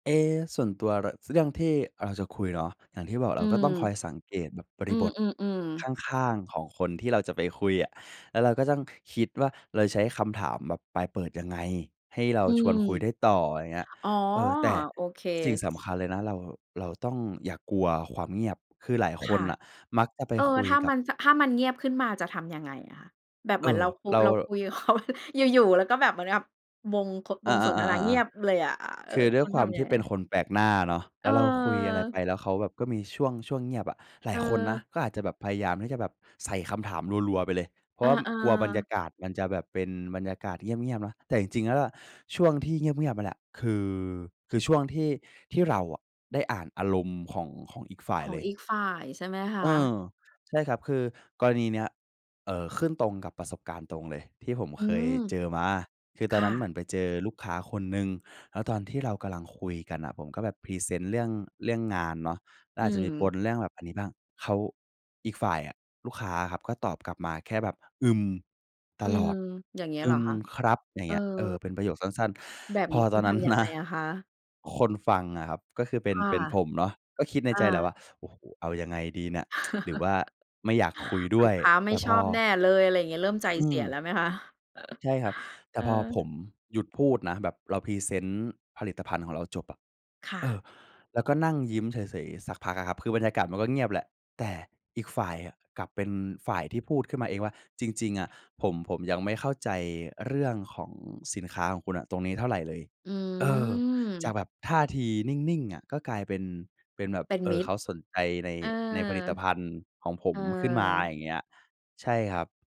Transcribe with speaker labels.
Speaker 1: เอ๊ ส่วนตัว ร เรื่องที่เราจะคุยเนาะ อย่างที่บอก
Speaker 2: อ
Speaker 1: เ
Speaker 2: ื
Speaker 1: ราก็
Speaker 2: ม
Speaker 1: ต้องคอยสังเกตแบบบ
Speaker 2: อ
Speaker 1: ร
Speaker 2: ื
Speaker 1: ิบท
Speaker 2: อ ๆ ๆ
Speaker 1: ข้าง ๆ ของคนที่เราจะไปคุยอะ แล้วเราก็ต้องคิดว่า เราใช้คำถามแบบปลายเปิดยังไง ให้เรา
Speaker 2: อื
Speaker 1: ช
Speaker 2: ม
Speaker 1: วนคุยได้ต่อ อะไรเงี้ย
Speaker 2: อ๋อ
Speaker 1: เออ แต่
Speaker 2: โอเค
Speaker 1: สิ่งสำคัญเลยนะ เรา เราต้องอย่ากลัวความเงียบคือหลายค
Speaker 2: ค่
Speaker 1: น
Speaker 2: ะ
Speaker 1: น่ะ มักจะไป
Speaker 2: เออ
Speaker 1: คุ
Speaker 2: ถ
Speaker 1: ย
Speaker 2: ้า
Speaker 1: กั
Speaker 2: มั
Speaker 1: บ
Speaker 2: น จ ถ้ามันเงียบขึ้นมาจะทำยังไงอะคะ? แบบ
Speaker 1: เ
Speaker 2: เ
Speaker 1: อ
Speaker 2: ห
Speaker 1: ่
Speaker 2: มือนเ
Speaker 1: อ
Speaker 2: รา ค
Speaker 1: เรา
Speaker 2: เราคุยกับ เขา อยู่ ๆ ก็แบบเหมือนกับวง ค
Speaker 1: อ
Speaker 2: ว
Speaker 1: า
Speaker 2: งสนทนาเงี
Speaker 1: ๆ ๆ
Speaker 2: ย
Speaker 1: ๆ
Speaker 2: บเลยอะ เอ
Speaker 1: ๆ
Speaker 2: อ
Speaker 1: คือด้
Speaker 2: ค
Speaker 1: วย
Speaker 2: ุณ
Speaker 1: คว
Speaker 2: ท
Speaker 1: าม
Speaker 2: ำ
Speaker 1: ท
Speaker 2: ยั
Speaker 1: ี
Speaker 2: ง
Speaker 1: ่
Speaker 2: ไง?
Speaker 1: เป็นคนแปลกหน้าเนาะ แ
Speaker 2: เ
Speaker 1: ล้วเราคุยอะไรไ
Speaker 2: ออ
Speaker 1: ปแล้วเขาแบบก็มีช่วง ช่วงเงียบอะ หลายคนนะ
Speaker 2: เออ
Speaker 1: ก็อาจจะแบบพยายามที่จะแบบใส่คำถามรัว ๆ ไปเลย เพรา
Speaker 2: เอ
Speaker 1: ะว่า
Speaker 2: อ
Speaker 1: กลัวบรรย
Speaker 2: ๆ
Speaker 1: ากาศมันจะแบบเป็นบรรยากาศเงียบ ๆ นะ แต่จริง ๆ แล้วอะ ช่วงที่เงียบ ๆ นั่นแหละ คือ คือช่วงที่ ที่เราอะได้อ่านอารมณ์ของ ของอีกฝ่า
Speaker 2: ข
Speaker 1: ย
Speaker 2: อ
Speaker 1: เ
Speaker 2: ง
Speaker 1: ลย
Speaker 2: อีกฝ่ายใช่ไหมค
Speaker 1: เอ
Speaker 2: ะ?
Speaker 1: อ ใช่ครับ คือกรณีเนี้ย เอ่อ ขึ้นตรงกับประสบการณ์ตรงเลยที่ผม
Speaker 2: อื
Speaker 1: เคย
Speaker 2: ม
Speaker 1: เจอมา คือต
Speaker 2: ค
Speaker 1: อน
Speaker 2: ่
Speaker 1: นั้นเหม
Speaker 2: ะ
Speaker 1: ือนไปเจอลูกค้าคนหนึ่ง แล้วตอนที่เรากำลังคุยกันน่ะ ผมก็แบบพรีเซนต์เรื่อง เรื่องงานเนาะ ก็
Speaker 2: อื
Speaker 1: อาจจะมีป
Speaker 2: ม
Speaker 1: นเรื่องแบบอันนี้บ้าง เขา อีกฝ่ายอะ ลูกค้าอะครับก็ตอบกลับมาแค่แบบ "อืม" ต
Speaker 2: อื
Speaker 1: ลอ
Speaker 2: ม
Speaker 1: ด
Speaker 2: อย่างเงี้ย
Speaker 1: "อ
Speaker 2: เ
Speaker 1: ื
Speaker 2: หรอ
Speaker 1: ม
Speaker 2: คะ?
Speaker 1: ครับ" อย่า
Speaker 2: เ
Speaker 1: ง
Speaker 2: อ
Speaker 1: เงี้ย เออ
Speaker 2: อ
Speaker 1: เป็นประโยคสั้น
Speaker 2: แบบ
Speaker 1: ๆ พ
Speaker 2: นี
Speaker 1: อ
Speaker 2: ้คุ
Speaker 1: ตอ
Speaker 2: ณ
Speaker 1: น
Speaker 2: ท
Speaker 1: นั้น
Speaker 2: ำยัง
Speaker 1: น
Speaker 2: ไ
Speaker 1: ะ
Speaker 2: งอะคะ?
Speaker 1: คนฟังอะครับ ก็คือเป็
Speaker 2: ค
Speaker 1: น
Speaker 2: ่ะ
Speaker 1: เป็นผมเนาะ ก็คิดใน
Speaker 2: อ
Speaker 1: ใจแล้ว
Speaker 2: า
Speaker 1: ว่า โอ้โฮ เอายังไงดีเนี่ย หรือว่าไม่อยากคุยด้
Speaker 2: ล
Speaker 1: ว
Speaker 2: ู
Speaker 1: ย
Speaker 2: กค้าไม
Speaker 1: แต
Speaker 2: ่
Speaker 1: ่พ
Speaker 2: ช
Speaker 1: อ
Speaker 2: อบแน่เลย อะไรเงี้ย เริ่มใจ
Speaker 1: อื
Speaker 2: เสีย
Speaker 1: ม
Speaker 2: แล้วไหมคะ?
Speaker 1: ใช่ครับ แต
Speaker 2: เ
Speaker 1: ่
Speaker 2: อ
Speaker 1: พอผ
Speaker 2: อ
Speaker 1: มหยุดพูดนะ แบบเราพรีเซนต์ผลิตภัณฑ์ของเราจบอะ
Speaker 2: ค่
Speaker 1: เอ
Speaker 2: ะ
Speaker 1: อ แล้วก็นั่งยิ้มเฉย ๆ สักพักอะครับ คือบรรยากาศมันก็เงียบแหละ แต่อีกฝ่ายกลับเป็นฝ่ายที่พูดขึ้นมาเองว่า "จริง ๆ อะผม ผมยังไม่เข้าใจเรื่องของสินค้าอะของคุณตรงนี้เท่าไรเลย"
Speaker 2: อ
Speaker 1: เออ จา
Speaker 2: ื
Speaker 1: ก
Speaker 2: ม
Speaker 1: แบบท่าทีนิ่ง ๆ อะ ก็กลายเป็น เป็นแบบ
Speaker 2: เป็น
Speaker 1: เอ
Speaker 2: ม
Speaker 1: ่
Speaker 2: ิ
Speaker 1: อ เ
Speaker 2: ต
Speaker 1: ข
Speaker 2: ร
Speaker 1: าสนใจใน
Speaker 2: เออ
Speaker 1: ในผลิตภัณฑ์ของผ
Speaker 2: เอ
Speaker 1: มขึ้นมา
Speaker 2: อ
Speaker 1: อย่างเงี้ย ใช่ครับ